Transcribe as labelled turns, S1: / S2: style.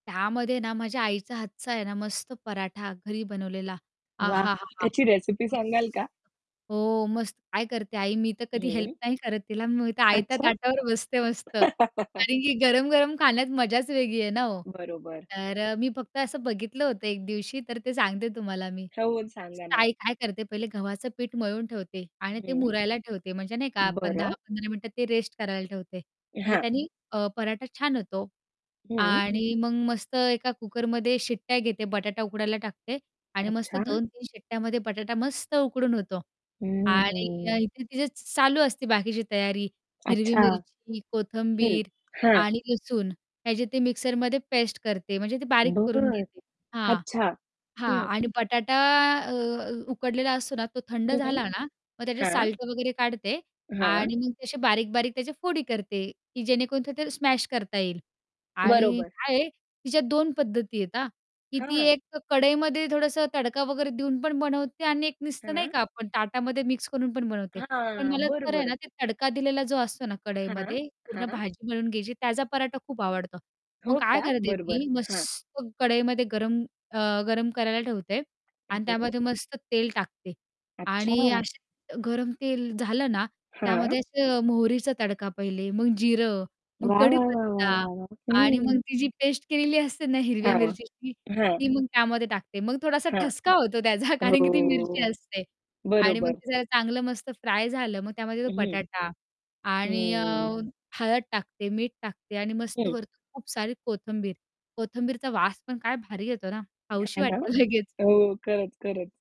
S1: त्यामध्ये ना माझ्या आईचा हातचा आहे ना मस्त पराठा घरी बनवलेला
S2: वाह!
S1: आहाहाहा!
S2: त्याची रेसिपी सांगाल का?
S1: हो मस्त. काय करते आई. मी तर कधी हेल्प
S2: हं.
S1: नाही करत तिला. मी आयत्या
S2: अच्छा!
S1: ताटावर बसते मस्त. कारण की गरम-गरम खाण्यात मजाच वेगळी आहे ना हो.
S2: बरोबर.
S1: तर मी फक्त असं बघितलं होतं एक दिवशी तर ते सांगते तुम्हाला मी.
S2: [unintelligible] सांगा ना.
S1: आई काय करते पहिले गव्हाचं पीठ मळून ठेवते आणि ते
S2: हं.
S1: मुरायला ठेवते म्हणजे नाही का आपण दहा
S2: बरं.
S1: पंधरा मिनिटं ते रेस्ट करायला ठेवते. म्हणजे
S2: हां.
S1: त्यांनी अ, पराठा छान होतो
S2: हं.
S1: आणि मग मस्त एका कुकरमध्ये शिट्ट्या घेते, बटाटा उकडायला टाकते आणि मस्त
S2: अच्छा.
S1: 2-3 शिट्ट्यामध्ये बटाटा मस्त उकडून होतो
S2: हं,
S1: आणि
S2: हं.
S1: इथे तिचे चालू असते बाकीची तयारी हिरवी
S2: अच्छा.
S1: मिरची,
S2: हं,
S1: कोथंबीर,
S2: हां.
S1: आणि लसूण त्याचे ते मिक्सरमध्ये पेस्ट करते. म्हणजे ते बारीक करून
S2: बरं.
S1: घेते. हां,
S2: अच्छा,
S1: हां.
S2: हं
S1: आणि बटाटा अ, उकडलेला असतो ना, तो थंड
S2: हं, हं.
S1: झाला ना मग त्याचे
S2: हां.
S1: साल्ट वगैरे काढते
S2: हां.
S1: आणि मग तसे बारीक-बारीक त्याचे फोडी करते, की जेणेकरून ते ते स्मॅश करता येईल. आणि
S2: बरोबर.
S1: काय आहे तिच्या 2 पद्धती आहेत हां. की ती
S2: हां.
S1: एक कढईमध्ये थोडंसं तडका वगैरे देऊन पण बनवते आणि एक नुसतं नाही
S2: हां.
S1: का आपण ताटामध्ये मिक्स करून पण बनवते. पण
S2: हां.
S1: मला
S2: बरं,
S1: तर आहे
S2: बरं.
S1: ना ते तडका दिलेला जो असतो ना
S2: हां,
S1: कढईमध्ये पूर्ण
S2: हां.
S1: भाजी मळून घ्यायची त्याचा पराठा खूप आवडतो. मग
S2: हो
S1: काय
S2: का?
S1: करते
S2: बरं, बरं.
S1: ती
S2: हां.
S1: मस्त कढईमध्ये गरम अ, गरम करायला ठेवते आणि
S2: हं.
S1: त्यामध्ये मस्त तेल टाकते आणि
S2: अच्छा!
S1: असे गरम तेल झालं ना
S2: हां.
S1: त्यामध्ये असं मोहरीचा तडका पहिले, मग जिरं, मग
S2: वाह, वाह,, वाह, वाह,
S1: कढीपत्ता
S2: वाह, वाह!
S1: आणि मग
S2: हं.
S1: ती जी पेस्ट केलेली असते ना हिरव्या
S2: हां,
S1: मिरचीची
S2: हां.
S1: ती मग त्यामध्ये टाकते मग थोडासा
S2: हां.
S1: ठसका होतो त्याचा कारण की ती मिरची
S2: हो.
S1: असते आणि मग
S2: बरोबर.
S1: जला चांगलं मस्त फ्राय झालं मग त्यामध्ये तो
S2: हं.
S1: बटाटा आणि अ,
S2: हं.
S1: हळद टाकते, मीठ टाकते आणि मस्त
S2: हं.
S1: वरतून खूप सारी कोथिंबीर, कोथिंबीरचा वास पण काय भारी येतो ना
S2: हे
S1: खाऊशी
S2: ना?
S1: वाटते लगेच.
S2: हो, खरंच, खरंच.